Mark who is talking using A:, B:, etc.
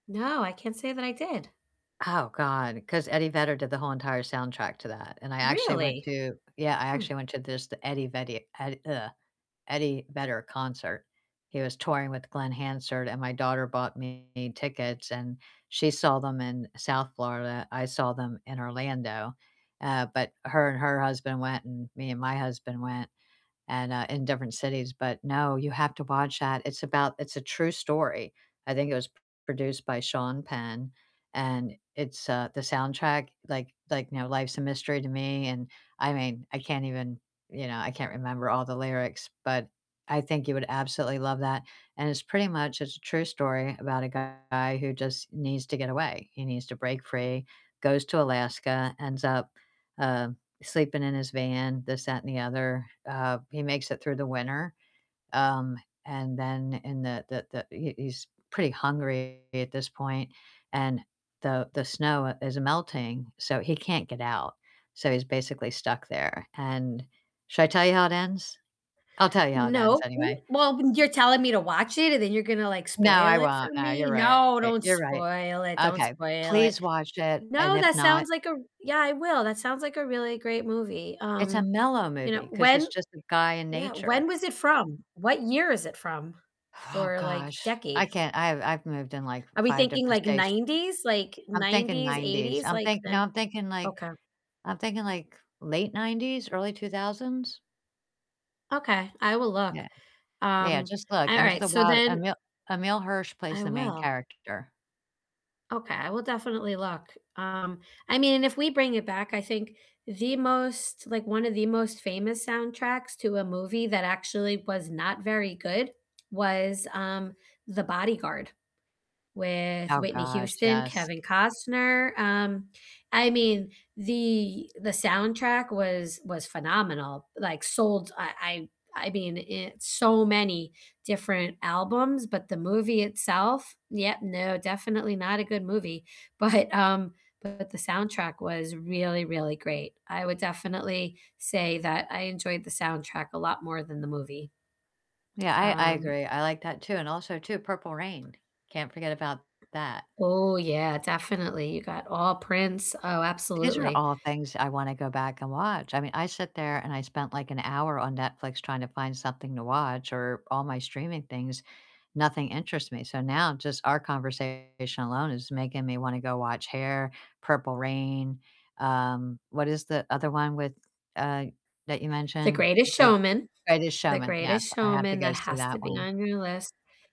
A: No, I can't say that I did.
B: Oh, God, 'cause Eddie Vedder did the whole entire soundtrack to that, and I actually went
A: Really?
B: to yeah, I
A: Hmm.
B: actually went to this, the Eddie Vedi Ed ugh, Eddie Vedder concert. He was touring with Glen Hansard, and my daughter bought me tickets, and she saw them in South Florida, I saw them in Orlando, uh, but her and her husband went, and me and my husband went, and, uh, in different cities. But no, you have to watch that, it's about it's a true story, I think it was p produced by Sean Penn, and it's, uh, the soundtrack, like like, you know, "Life's a Mystery to Me" and I mean, I can't even you know, I can't remember all the lyrics, but I think you would absolutely love that. And it's pretty much it's a true story about a guy who just needs to get away, he needs to break free, goes to Alaska, ends up, uh, sleeping in his van, this, that, and the other, uh, he makes it through the winter, um, and then in the the the he he's pretty hungry at this point, and the the snow is melting, so he can't get out, so he's basically stuck there. And should I tell you how it ends? I'll tell you how it ends
A: Nope, w
B: anyway.
A: well, you're telling me to watch it, and then you're gonna, like,
B: No, I
A: spoil it
B: won't,
A: for
B: nah, you're
A: me.
B: right,
A: No, don't
B: you're right.
A: spoil it, don't
B: Okay.
A: spoil it.
B: Please watch it, and
A: No,
B: if
A: that
B: not
A: sounds like a r yeah, I will. That sounds like a really great movie,
B: It's a
A: um,
B: mellow
A: you know,
B: movie 'cause it's
A: when
B: just a guy in
A: yeah,
B: nature.
A: when was it from? What year is it from?
B: Oh,
A: Or, like,
B: gosh. I
A: decade?
B: can't I've I've moved in, like, f
A: Are we
B: 5
A: thinking,
B: different
A: like,
B: states.
A: '90s? Like,
B: I'm thinking
A: nineties,
B: '90s,
A: eighties,
B: I'm
A: like
B: think no,
A: then?
B: I'm thinking, like,
A: Okay.
B: I'm thinking, like, late '90s, early 2000s?
A: Okay, I will look.
B: Yeah. Yeah,
A: Um,
B: just look,
A: an all
B: Into
A: right,
B: the
A: so
B: Wild.
A: then
B: Emil Emile Hirsch plays
A: I
B: the main
A: will.
B: character.
A: Okay, I will definitely look. Um, I mean, and if we bring it back, I think the most, like, one of the most famous soundtracks to a movie that actually was not very good was, um, The Bodyguard, with
B: Oh,
A: Whitney
B: gosh,
A: Houston,
B: yes.
A: Kevin Costner, um, I mean, the the soundtrack was was phenomenal, like, sold, I I I mean, it so many different albums, but the movie itself yeah, no, definitely not a good movie, but, um, but the soundtrack was really, really great. I would definitely say that I enjoyed the soundtrack a lot more than the movie,
B: Yeah, I I
A: um
B: agree. I like that too, and also too, Purple Rain, can't forget about that.
A: Ooh yeah, definitely, you got all Prince. Oh,
B: These are
A: absolutely.
B: all things I wanna go back and watch. I mean, I sit there and I spent like an hour on Netflix tryna find something to watch or all my streaming things. Nothing interests me, so now, just our conversation alone is making me wanna go watch Hair, Purple Rain, um, what is the other one with, uh, that you
A: The
B: mentioned?
A: Greatest
B: Eh th
A: Showman.
B: The Greatest
A: The
B: Showman, yes,
A: Greatest
B: I have to
A: Showman,
B: go
A: that
B: see
A: has to
B: that
A: be
B: one.
A: on your list.